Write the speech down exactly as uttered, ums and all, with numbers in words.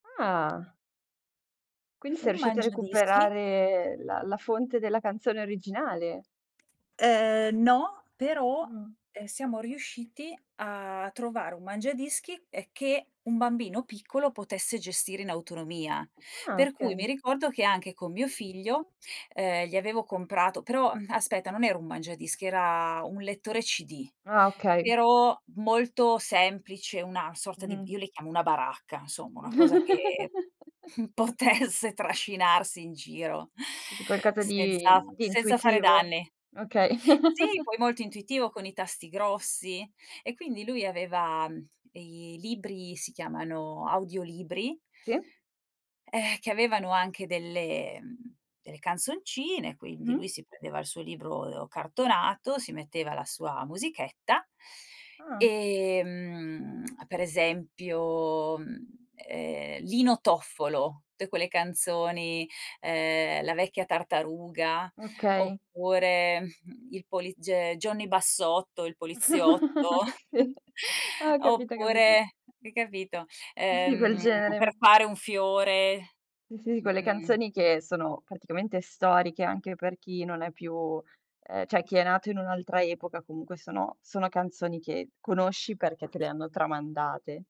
Ah. Quindi sei Un riuscito a mangiadischi. recuperare la la fonte della canzone originale? Ehm, no, però, Mh. ehm, siamo riusciti a trovare un mangiadischi, ehm, che un bambino piccolo potesse gestire in autonomia. Ah, Per cui mi okay. ricordo che anche con mio figlio, ehm, gli avevo comprato però, uhm, aspetta non era un mangiadischi, era un lettore CD, Ah, okay. però, molto semplice, una sorta di Mh-mh. io le chiamo una baracca, nsomma, una cosa che potesse trascinarsi in giro, D qualcosa di senza di senza fare intuitivo. danni. Okay. Sì, poi molto intuitivo con i tasti grossi, e quindi lui aveva, uhm, ehm, libri, si chiamano, audiolibri Sì. ehm, che avevano anche delle uhm, delle canzoncine, quindi, lui Mh-mh. si prendeva il suo libro e o cartonato, si metteva la sua musichetta, Ah. e, mhmm, per esempio, mhmm, ehm, Lino Toffolo, tte quelle canzoni, ehm, "La vecchia tartaruga", Okay. oppure, "il poliz ge Johnny Bassotto, il poliziotto", Sì, ah, capita, capito. oppure hai capito? Di quel Ehm, genere. "Per fare un fiore", Sì, sì, sì, m quelle mhmm canzoni che sono, praticamente, storiche, anche per chi non è più ehm, ceh, chi è nato in un'altra epoca, comunque, sono sono canzoni che conosci, perché te le hanno tramandate.